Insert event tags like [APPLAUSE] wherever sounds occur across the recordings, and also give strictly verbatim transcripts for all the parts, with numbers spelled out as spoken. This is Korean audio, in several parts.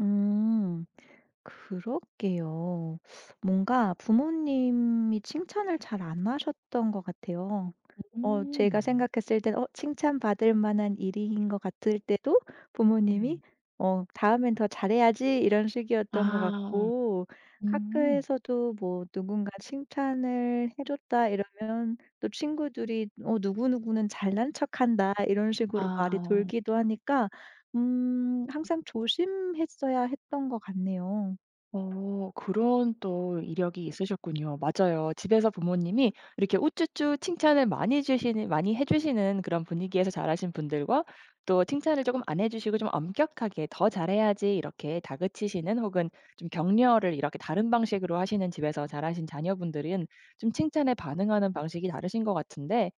음. 그렇게요. 뭔가 부모님이 칭찬을 잘 안 하셨던 것 같아요. 어 제가 음. 생각했을 때 어 칭찬받을 만한 일인 것 같을 때도 부모님이 네. 어 "다음엔 더 잘해야지." 이런 식이었던 것 아. 같고 음. 학교에서도 뭐 "누군가 칭찬을 해줬다." 이러면 또 친구들이 어 "누구누구는 잘난척한다." 이런 식으로 말이 아. 돌기도 하니까 음 항상 조심했어야 했던 것 같네요. 어 그런 또 이력이 있으셨군요. 맞아요. 집에서 부모님이 이렇게 우쭈쭈 칭찬을 많이 해 주시는 많이 해 주시는 그런 분위기에서 자라신 분들과 또 칭찬을 쪼금 안 해주시고 좀 엄격하게 "더 잘해야지." 이렇게 다그치시는 혹은 좀 격려를 이렇게 다른 방식으로 하시는 집에서 자라신 자녀분들은 좀 칭찬에 반응하는 방식이 다르신 것 같은데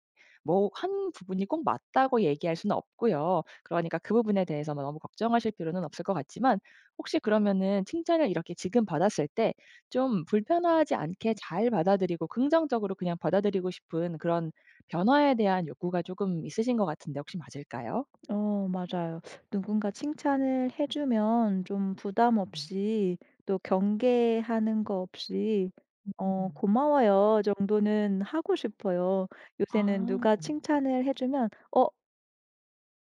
뭐 한 부분이 꼭 맞다고 얘기할 수는 없고요. 그러니까 그 부분에 대해서 너무 걱정하실 필요는 없을 것 같지만 혹시 그러면은 칭찬을 이렇게 지금 받았을 때 좀 불편하지 않게 잘 받아들이고 긍정적으로 그냥 받아들이고 싶은 그런 변화에 대한 욕구가 조금 있으신 것 같은데 혹시 맞을까요? 어 맞아요. 누군가 칭찬을 해 주면 좀 부담 없이 또 경계하는 거 없이 어 음음. '고마워요.' 정도는 하고 싶어요. 요새는 아. 누가 칭찬을 해 주면 "어."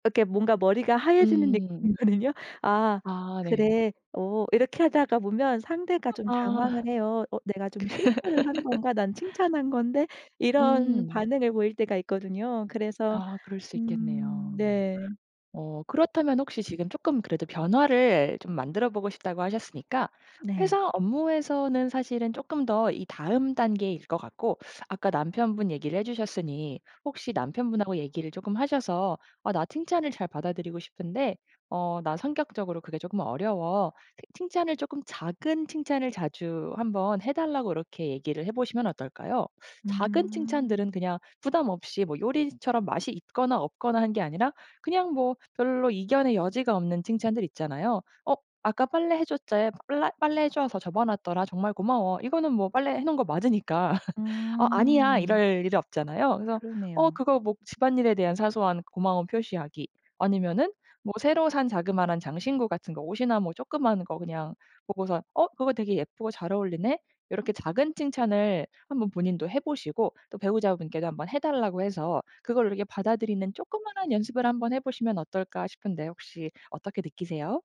이렇게 뭔가 머리가 하얘지는 음. 느낌이거든요. "아 아 네. 그래 어." 이렇게 하다가 보면 상대가 좀 아. 당황을 해요. 어 '내가 좀 실수를 한 건가? 난 [LAUGHS] 칭찬한 건데.' 이런 음. 반응을 보일 때가 있거든요. 그래서 아 그럴 수 음 있겠네요. 네. 어 그렇다면 혹시 지금 쪼끔 그래도 변화를 좀 만들어보고 싶다고 하셨으니까 네. 회사 업무에서는 사실은 쪼끔 더 이 다음 단계일 것 같고 아까 남편분 얘기를 해주셨으니 혹시 남편분하고 얘기를 쪼끔 하셔서 "아 나 칭찬을 잘 받아들이고 싶은데 어 나 성격적으로 그게 쪼끔 어려워." 칭찬을 쪼끔 작은 칭찬을 자주 한번 해 달라고 이렇게 얘기를 해 보시면 어떨까요? 작은 칭찬들은 음. 그냥 부담 없이 뭐 요리처럼 맛이 있거나 없거나 한 게 아니라 그냥 뭐 별로 이견의 여지가 없는 칭찬들 있잖아요. 어 "아까 빨래해 줬자야 쁠라 빨래해줘서 접어 놨더라. 정말 고마워." 이거는 뭐 빨래해 놓은 거 맞으니까 "어 아니야." 음. 이럴 일이 없잖아요. 그래서 어 그러네요. 그거 뭐 '집안일에 대한 사소한 고마움 표시하기' 아니면은 뭐 새로 산 자그만한 장신구 같은 거 옷이나 뭐 쪼끄마한 거 그냥 보고서 어 "그거 되게 예쁘고 잘 어울리네?" 요렇게 작은 칭찬을 한번 본인도 해 보시고 또 배우자분께도 한번 해 달라고 해서 그걸 이렇게 받아들이는 쪼끄마한 연습을 한번 해 보시면 어떨까 싶은데 혹시 어떻게 느끼세요?